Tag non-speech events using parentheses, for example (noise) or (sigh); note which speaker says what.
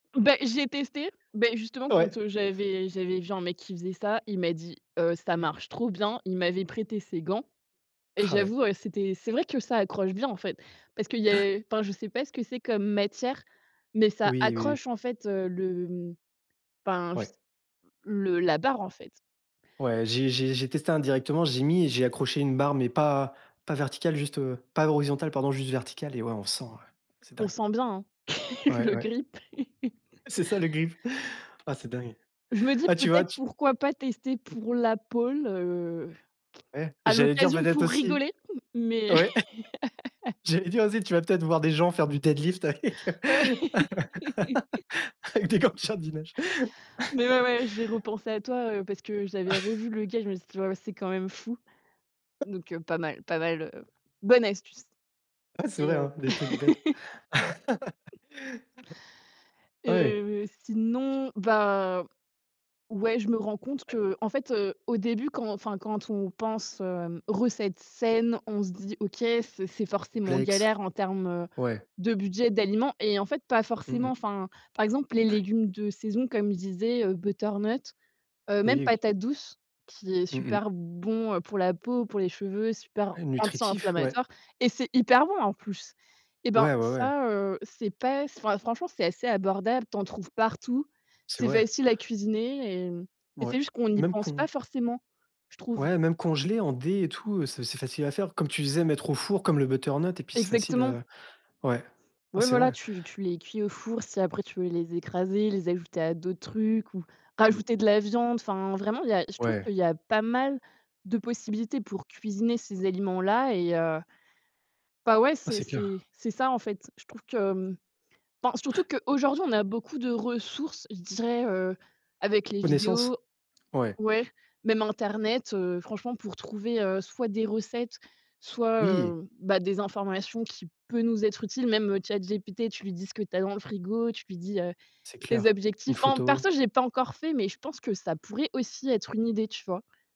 Speaker 1: Ben j'ai testé, ben justement quand,
Speaker 2: Ouais.
Speaker 1: heu, j'avais j'avais vu un mec qui faisait ça, il m'a dit: «Heu, ça marche trop bien». Il m'avait prêté ses gants et
Speaker 2: Ah ouais.
Speaker 1: j'avoue, heu, c'était c'est vrai que ça accroche bien en fait, parce qu'il y
Speaker 2: Ouais.
Speaker 1: a enfin je sais pas ce que c'est comme matière, mais ça
Speaker 2: Oui, oui oui.
Speaker 1: accroche en fait, heu, le enfin je s
Speaker 2: Ouais.
Speaker 1: le la barre en fait.
Speaker 2: Ouais j'ai j'ai j'ai testé indirectement, j'ai mis et j'ai accroché une barre mais pas pas verticale juste, heu, pas à l'horizontal pardon juste verticale et ouais on sent, heu, c'est
Speaker 1: On
Speaker 2: dingue.
Speaker 1: sent bien hein, (laughs)
Speaker 2: Ouais,
Speaker 1: le
Speaker 2: ouais.
Speaker 1: grip. (laughs)
Speaker 2: C'est ça le grip. Ah c'est dingue!
Speaker 1: Je me dis:
Speaker 2: Ah tu vois
Speaker 1: «Peut-être
Speaker 2: tu
Speaker 1: pourquoi pas tester pour la pôle, heu,
Speaker 2: Ouais,
Speaker 1: à
Speaker 2: j'allais dire
Speaker 1: l'occasion
Speaker 2: peut-être
Speaker 1: pour
Speaker 2: aussi
Speaker 1: rigoler?» Mais
Speaker 2: ouais,
Speaker 1: (laughs)
Speaker 2: j'allais dire aussi: «Tu vas peut-être voir des gens faire du deadlift avec
Speaker 1: Ouais.
Speaker 2: heu,
Speaker 1: (laughs)
Speaker 2: (laughs) avec des gants de jardinage».
Speaker 1: Mais ouais,
Speaker 2: (laughs)
Speaker 1: ouais j'ai repensé à toi, heu, parce que j'avais revu le
Speaker 2: (chuckles)
Speaker 1: gars et je me suis dit: «Ouais, c'est quand même fou.» Donc, heu, pas mal, pas mal heu, bonne astuce
Speaker 2: Ah c'est
Speaker 1: et
Speaker 2: vrai
Speaker 1: heu
Speaker 2: hein, des trucs bêtes.
Speaker 1: (laughs)
Speaker 2: (laughs) Ouais.
Speaker 1: Heu, sinon, bah, ouais je me rends compte
Speaker 2: Ouais.
Speaker 1: que, en fait, heu, au début quand enfin quand on pense, heu, recette saine, on se dit: «OK, c'est c'est forcément
Speaker 2: Complexe.
Speaker 1: galère en termes, heu,
Speaker 2: Ouais.
Speaker 1: de budget, d'aliments» et en fait pas
Speaker 2: Mmh
Speaker 1: forcément.
Speaker 2: mh.
Speaker 1: Enfin, par exemple les
Speaker 2: Ouais.
Speaker 1: légumes de saison comme je disais, heu, butternut, heu, même
Speaker 2: Oui et que
Speaker 1: patate douce, qui est
Speaker 2: Mmh mh.
Speaker 1: super bon, heu, pour la peau, pour les cheveux, super
Speaker 2: Heu nutritif, ouais.
Speaker 1: anti-inflammatoire et c'est hyper bon en plus. Et ben,
Speaker 2: Ouais, ouais ouais.
Speaker 1: ça, heu, c'est pas enfin franchement c'est assez abordable. Tu en trouves partout,
Speaker 2: C'est
Speaker 1: c'est
Speaker 2: vrai.
Speaker 1: facile à cuisiner et et
Speaker 2: Ouais,
Speaker 1: c'est juste qu'on n'y
Speaker 2: même
Speaker 1: pense pas
Speaker 2: con
Speaker 1: forcément, je trouve.
Speaker 2: ouais même congelés en dés et tout, heu, c'est c'est facile à faire. Comme tu disais mettre au four comme le butternut et puis c'est facile,
Speaker 1: Exactement.
Speaker 2: heu, ouais, ouais
Speaker 1: Ouais
Speaker 2: c'est
Speaker 1: voilà
Speaker 2: vrai.
Speaker 1: tu tu les cuis au four si après tu veux les écraser, les ajouter à d'autres trucs ou
Speaker 2: Mmh mh.
Speaker 1: rajouter de la viande enfin, vraiment il y a je trouve
Speaker 2: Ouais.
Speaker 1: qu'il y a pas mal de possibilités pour cuisiner ces aliments-là et heu, ben ouais
Speaker 2: Ah
Speaker 1: c'est
Speaker 2: c'est
Speaker 1: c'est
Speaker 2: clair.
Speaker 1: c'est ça en fait. Je trouve que enfin
Speaker 2: Ouais.
Speaker 1: surtout que, aujourd'hui on a beaucoup de ressources je dirais, heu, avec les
Speaker 2: Connaissance?
Speaker 1: vidéos
Speaker 2: Ouais.
Speaker 1: ouais, même internet, heu, franchement pour trouver, heu, soit des recettes, soit,
Speaker 2: Oui.
Speaker 1: heu, bah des informations qui peut nous être utiles même, heu, Chat GPT tu lui dis ce que tu as dans le frigo tu lui dis, heu,
Speaker 2: C'est
Speaker 1: tes
Speaker 2: clair, une
Speaker 1: objectifs. Enfin
Speaker 2: photo.
Speaker 1: perso je l'ai pas encore fait mais je pense que ça pourrait aussi être une idée tu vois?